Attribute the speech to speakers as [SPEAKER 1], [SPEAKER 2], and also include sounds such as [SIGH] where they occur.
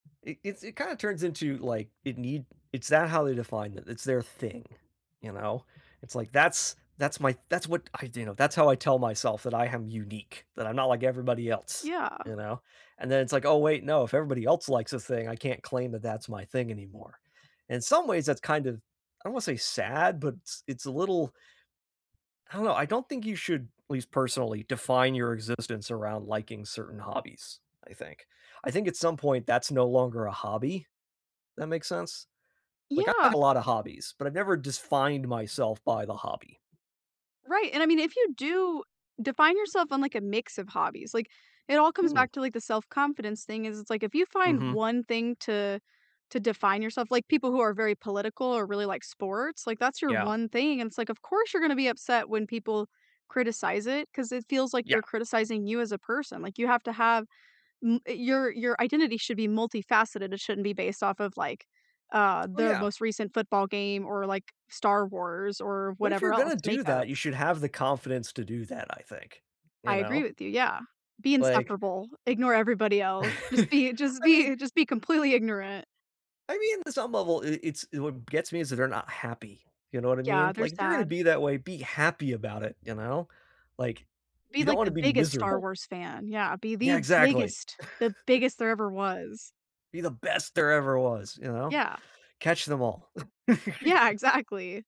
[SPEAKER 1] It it's it kinda turns into, like it need it's that how they define it it's their thing, you know? It's, like, that's that's my that's what I do you know, that's how I tell myself that I am unique, that I'm not like everybody else,
[SPEAKER 2] Yeah.
[SPEAKER 1] you know, and then it's, like, "Oh, wait. No. If everybody else likes this thing, I can't claim that that's my thing anymore." In some ways, that's kind of, I don't wanna say sad, but s it's a little I don't know, I don't think you should at least personally define your existence around liking certain hobbies, I think I think at some point, that's no longer a hobby, that makes sense? Like, I
[SPEAKER 2] Yeah.
[SPEAKER 1] have a lot of hobbies, but I've never defined myself by the hobby.
[SPEAKER 2] Right, and I mean, if you do define yourself on, like, a mix of hobbies, like, it all comes
[SPEAKER 1] Hmm.
[SPEAKER 2] back to, like, the self confidence thing is it's, like, if you find
[SPEAKER 1] Mhm.
[SPEAKER 2] 1 thing to to define yourself like, people who are very political or really like sports, like, that's your
[SPEAKER 1] Yeah.
[SPEAKER 2] one thing, and it's, like, of course you're gonna be upset when people criticize it, 'cause it feels, like, they're
[SPEAKER 1] Yeah.
[SPEAKER 2] criticizing you as a person, like, you have to have m eh your your identity should be multifaceted it shouldn't be based off of, like, uh,
[SPEAKER 1] Oh,
[SPEAKER 2] the
[SPEAKER 1] yeah.
[SPEAKER 2] most recent football game or, like, Star Wars or
[SPEAKER 1] But if
[SPEAKER 2] whatever
[SPEAKER 1] you're
[SPEAKER 2] else
[SPEAKER 1] gonna do
[SPEAKER 2] Makeup
[SPEAKER 1] that you should have the confidence to do that, I think,
[SPEAKER 2] I
[SPEAKER 1] you
[SPEAKER 2] agree
[SPEAKER 1] know?
[SPEAKER 2] with you. Yeah, be
[SPEAKER 1] Like
[SPEAKER 2] insufferable, ignore everybody else. Just
[SPEAKER 1] [CHUCKLES]
[SPEAKER 2] be just
[SPEAKER 1] I mean
[SPEAKER 2] be just be completely ignorant.
[SPEAKER 1] I mean, in some level, i it's it what gets me is that they're not happy, you know what I
[SPEAKER 2] Yeah,
[SPEAKER 1] mean?
[SPEAKER 2] they're
[SPEAKER 1] Like, "You're gonna
[SPEAKER 2] sad.
[SPEAKER 1] be that way, be happy about it, you know?" Like,
[SPEAKER 2] Be,
[SPEAKER 1] "You don't
[SPEAKER 2] like,
[SPEAKER 1] wanna
[SPEAKER 2] the
[SPEAKER 1] be
[SPEAKER 2] biggest Star
[SPEAKER 1] miserable."
[SPEAKER 2] Wars fan. Yeah, be
[SPEAKER 1] Yeah,
[SPEAKER 2] the
[SPEAKER 1] exactly.
[SPEAKER 2] biggest the biggest
[SPEAKER 1] [CHUCKLES]
[SPEAKER 2] there ever was.
[SPEAKER 1] Be the best there ever was, you know?
[SPEAKER 2] Yeah.
[SPEAKER 1] Catch them all.
[SPEAKER 2] Yeah,
[SPEAKER 1] [CHUCKLES]
[SPEAKER 2] exactly.